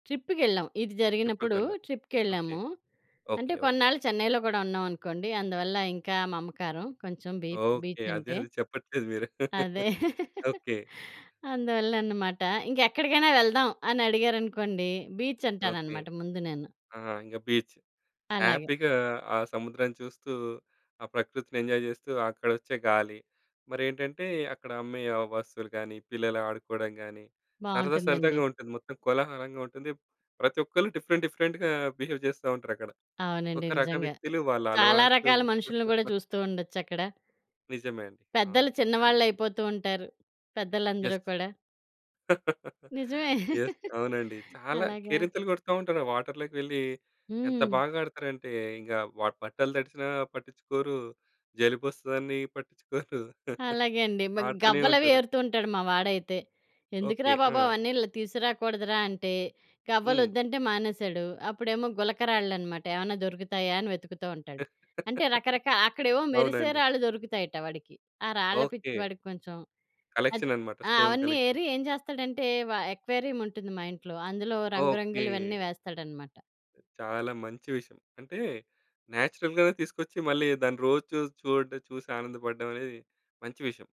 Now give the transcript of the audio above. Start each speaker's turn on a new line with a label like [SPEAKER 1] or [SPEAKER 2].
[SPEAKER 1] ట్రిప్‌కెళ్ళాం ఇది
[SPEAKER 2] ట్రిప్‌కి
[SPEAKER 1] జరిగినప్పుడు
[SPEAKER 2] వెళ్ళారు. ఓకే.
[SPEAKER 1] ట్రిప్‌కెళ్ళాము. అంటే
[SPEAKER 2] ఓకే ఒకే.
[SPEAKER 1] కొన్నాళ్ళు చెన్నైలో గూడా ఉన్నామనుకోండి అందువల్ల ఇంకా మమకారం కొంచెం బీ
[SPEAKER 2] ఓకే.
[SPEAKER 1] బీచ్
[SPEAKER 2] అదే
[SPEAKER 1] అంటే.
[SPEAKER 2] అది చెప్పట్లేదు మీరు.
[SPEAKER 1] అదే.
[SPEAKER 2] ఓకే.
[SPEAKER 1] అందువల్లన్నమాట ఇంక ఎక్కడికైనా వెళ్దాం అని అడిగారనుకోండి, బీచ్
[SPEAKER 2] ఓకే.
[SPEAKER 1] అంటానన్నమాట ముందు నేను.
[SPEAKER 2] ఆ! ఇంక బీచ్.
[SPEAKER 1] అలాగే.
[SPEAKER 2] హ్యాపీగా ఆ సముద్రం చూస్తూ, ఆ ప్రకృతిని ఎంజాయ్ చేస్తూ, అక్కడొచ్చే గాలి, మరేంటంటే అక్కడ అమ్మే ఆ వస్తువులు గానీ, పిల్లలు ఆడుకోవడం గానీ, సరదా, సరదాగా
[SPEAKER 1] బావుంటుందండి.
[SPEAKER 2] ఉంటుంది. మొత్తం కోలాహలంగా ఉంటుంది. ప్రతి ఒక్కళ్ళు డిఫరెంట్, డిఫరెంట్‌గా బిహేవ్ చేస్తా ఉంటారక్కడ.
[SPEAKER 1] అవునండి.
[SPEAKER 2] ఒక రకం
[SPEAKER 1] నిజంగా.
[SPEAKER 2] వ్యక్తులు వాళ్ళ
[SPEAKER 1] చాలా
[SPEAKER 2] అలవాట్లు
[SPEAKER 1] రకాల మనుషుల్ని గూడా చూస్తూ ఉండొచ్చక్కడ.
[SPEAKER 2] నిజమే అండి.
[SPEAKER 1] పెద్దలు
[SPEAKER 2] అవును. అన్నట్టు.
[SPEAKER 1] చిన్నవాళ్ళు అయిపోతూ ఉంటారు.
[SPEAKER 2] యెస్.
[SPEAKER 1] పెద్దలందరూ కూడా. నిజమే.
[SPEAKER 2] యెస్. అవునండి. చాలా
[SPEAKER 1] అలాగా
[SPEAKER 2] కేరింతలు కొడతా ఉంటారు. వాటర్‌లోకి వెళ్లి ఎంత
[SPEAKER 1] హ్మ్.
[SPEAKER 2] బాగా ఆడతారంటే ఇంకా వ బట్టలు తడిచినా పట్టించుకోరు, జలుబొస్తదని పట్టించుకోరు.
[SPEAKER 1] అలాగే అండి. మ
[SPEAKER 2] ఆడుతూనే
[SPEAKER 1] గవ్వలు అవి
[SPEAKER 2] ఉంటారు.
[SPEAKER 1] ఏరుతూంటాడు మా వాడైతే.
[SPEAKER 2] ఓకే.
[SPEAKER 1] ఎందుకురా బాబు!
[SPEAKER 2] ఆ!
[SPEAKER 1] అవన్నీ ల్ తీసుకురాకూడదురా అంటే,
[SPEAKER 2] హ్మ్.
[SPEAKER 1] గవ్వలొద్దంటే మానేసాడు. అప్పుడేమో గులక రాళ్ళు అనమాట ఏమన్నా దొరుకుతాయా అనే వెతుకుతూ ఉంటాడు. అంటే రకరకా అక్కడ ఏమో మెరిసే
[SPEAKER 2] అవునండి.
[SPEAKER 1] రాళ్ళు దొరుకుతాయట వాడికి. ఆ రాళ్ళ పిచ్చి
[SPEAKER 2] ఓకే.
[SPEAKER 1] వాడికి కొంచెం అది
[SPEAKER 2] కలెక్షన్ అనమాట.
[SPEAKER 1] ఆ!
[SPEAKER 2] స్టోన్
[SPEAKER 1] అవన్నీ
[SPEAKER 2] కలెక్షన్.
[SPEAKER 1] ఏరి ఏం చేస్తాడంటే వ అక్వేరియం ఉంటుంది మా ఇంట్లో అందులో రంగు రంగులవన్నీ
[SPEAKER 2] ఓకే.
[SPEAKER 1] వేస్తాడనమాట.
[SPEAKER 2] చాలా మంచి విషయం. అంటే నేచురల్‌గానే తీసుకొచ్చి మళ్ళీ దాన్ని రోజు చూస్ చూడ్ చూసి ఆనందపడడం అనేది మంచి విషయం.